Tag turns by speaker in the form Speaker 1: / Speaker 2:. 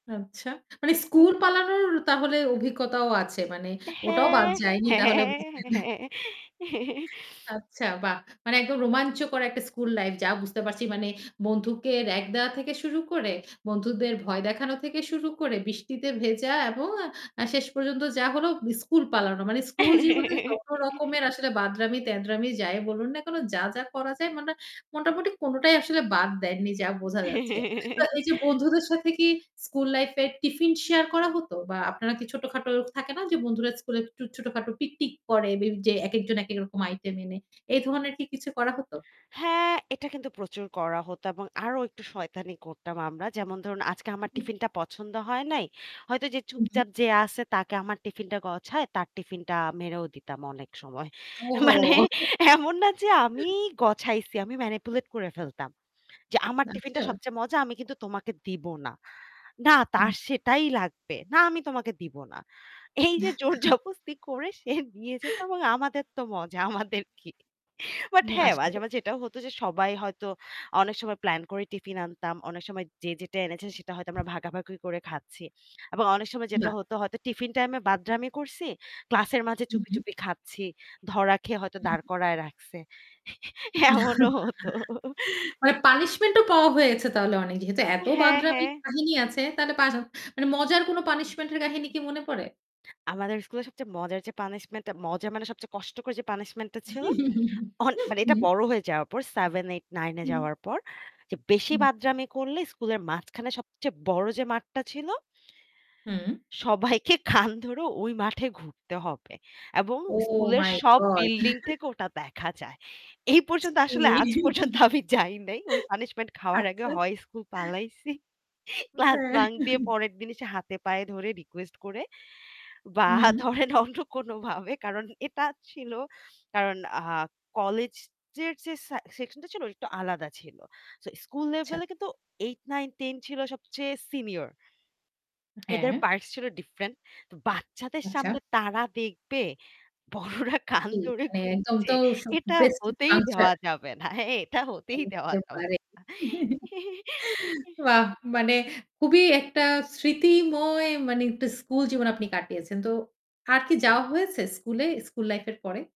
Speaker 1: আচ্ছা। মানে
Speaker 2: উ হু
Speaker 1: স্কুল পালানোর তাহলে অভিজ্ঞতাও আছে। মানে ওটাও বাদ
Speaker 2: হ্যাঁ,
Speaker 1: যায়নি তাহলে
Speaker 2: হ্যাঁ,
Speaker 1: বুঝবেন।
Speaker 2: হ্যাঁ।
Speaker 1: আচ্ছা বাহ! মানে একদম রোমাঞ্চকর একটা স্কুল লাইফ যা বুঝতে পারছি; মানে বন্ধুকে র‍্যাগ দেওয়া থেকে শুরু করে, বন্ধুদের ভয় দেখানো থেকে শুরু করে বৃষ্টিতে ভেজা এবং আ শেষ পর্যন্ত যা হল স্কুল পালানো। মানে স্কুল জীবনে যত রকমের আসলে বাঁদরামি-তেদরামি যায় বলুন না। যা যা করা যায় মানে মোটামুটি কোনটাই আসলে বাদ দেননি যা বোঝা যাচ্ছে। তো এই যে বন্ধুদের সাথে কি স্কুল লাইফ এ টিফিন শেয়ার করা হত বা আপনারা কি ছোটখাটো থাকে না যে বন্ধুরা স্কুলে একটু ছোটখাটো পিকনিক করে যে একেকজন একেক রকম আইটেম এনে। এই ধরনের কি কিছু করা হতো?
Speaker 2: হ্যাঁ, এটা কিন্তু প্রচুর করা হতো এবং আরো একটু শয়তানি করতাম আমরা। যেমন ধরুন আজকে আমার টিফিনটা পছন্দ হয় নাই। হয়তো যে
Speaker 1: উহু।
Speaker 2: চুপচাপ যে আছে তাকে আমার টিফিনটা গছায় তার টিফিনটা মেরেও দিতাম অনেক সময়।
Speaker 1: ওহো!
Speaker 2: মানে এমন না যে আমি গছাইছি। আমি manipulate করে ফেলতাম। যে আমার টিফিনটা
Speaker 1: আচ্ছা।
Speaker 2: সবচেয়ে মজা আমি কিন্তু তোমাকে দিব না। না
Speaker 1: হুম।
Speaker 2: তার সেটাই লাগবে। না আমি তোমাকে দিব না। এই যে জোরজবস্তি করে সে নিয়ে যেত এবং আমাদের তো মজা। আমাদের কি? বাট
Speaker 1: হ্যাঁ
Speaker 2: হ্যাঁ
Speaker 1: আসলেই।
Speaker 2: মাঝে, মাঝে এটাও হত যে সবাই হয়তো অনেক সময় প্ল্যান করে টিফিন আনতাম। অনেক সময় যে যেটা এনেছে সেটা হয়তো আমরা ভাগাভাগি করে খাচ্ছি। এবং অনেক সময় যেটা
Speaker 1: না।
Speaker 2: হতো হয়তো টিফিন টাইমে বাদরামি করছি, ক্লাসের মাঝে
Speaker 1: হু,
Speaker 2: চুপি,
Speaker 1: হু।
Speaker 2: চুপি খাচ্ছি। ধরা খেয়ে হয়তো
Speaker 1: হু,
Speaker 2: দাঁড়
Speaker 1: হু।
Speaker 2: করায় রাখছে। এমনও হতো।
Speaker 1: মানে পানিশমেন্ট ও পাওয়া হয়েছে তাহলে অনেক। যেহেতু এত
Speaker 2: হ্যাঁ,
Speaker 1: বাঁদরামির
Speaker 2: হ্যাঁ।
Speaker 1: কাহিনী আছে তাহলে পা মানে মজার কোনো পানিশমেন্ট এর কাহিনী কি মনে পড়ে?
Speaker 2: আমাদের স্কুলে সবচেয়ে মজার যে পানিশমেন্টটা, মজা মানে সবচেয়ে কষ্টকর যে পানিশমেন্টটা ছিল
Speaker 1: হু,
Speaker 2: অ মানে এটা
Speaker 1: হুম।
Speaker 2: বড় হয়ে যাওয়ার পর 7, 8, 9 এ
Speaker 1: হুম।
Speaker 2: যাওয়ার পর যে বেশি
Speaker 1: হু।
Speaker 2: বাদরামি করলে স্কুলের মাঝখানে সবচেয়ে বড় যে মাঠটা ছিল।
Speaker 1: হুম।
Speaker 2: সবাইকে কান ধরে ওই মাঠে ঘুরতে হবে। এবং
Speaker 1: ওহ
Speaker 2: স্কুলের
Speaker 1: মাই
Speaker 2: সব
Speaker 1: গড!
Speaker 2: বিল্ডিং থেকে ওটা দেখা যায়। এই পর্যন্ত
Speaker 1: ছি
Speaker 2: আসলে আজ পর্যন্ত আমি যাই নাই। ওই পানিশমেন্ট খাওয়ার আগে
Speaker 1: আচ্ছা।
Speaker 2: হয় স্কুল পালাইছি। ক্লাস
Speaker 1: হ্যাঁ।
Speaker 2: বাঙ্ক দিয়ে পরের দিন এসে হাতে পায়ে ধরে রিকোয়েস্ট করে বা
Speaker 1: হুম, হুম।
Speaker 2: ধরেন অন্য কোনোভাবে কারণ এটা ছিল কারণ আ কলেজের যে সে সেকশনটা ছিল একটু আলাদা ছিল। সো স্কুল
Speaker 1: আচ্ছা।
Speaker 2: লেভেলে কিন্তু 8, 9, 10 ছিল সবচেয়ে সিনিয়র। এদের
Speaker 1: হ্যাঁ।
Speaker 2: parts ছিল different বাচ্চাদের
Speaker 1: আচ্ছা।
Speaker 2: সামনে তারা দেখবে বড়রা কান
Speaker 1: কি?
Speaker 2: ধরে
Speaker 1: মানে একদম
Speaker 2: ঘুরছে।
Speaker 1: তো স
Speaker 2: এটা
Speaker 1: প্রেস্টিজ
Speaker 2: হতেই
Speaker 1: পাংচার।
Speaker 2: দেওয়া যাবে না। এটা হতেই দেওয়া
Speaker 1: বুঝতে
Speaker 2: যাবে না।
Speaker 1: পারে। বাহ! মানে খুবই একটা স্মৃতিময় মানে একটা স্কুল জীবন আপনি কাটিয়েছেন। তো আর কি যাওয়া হয়েছে স্কুলে, স্কুল লাইফ এর পরে?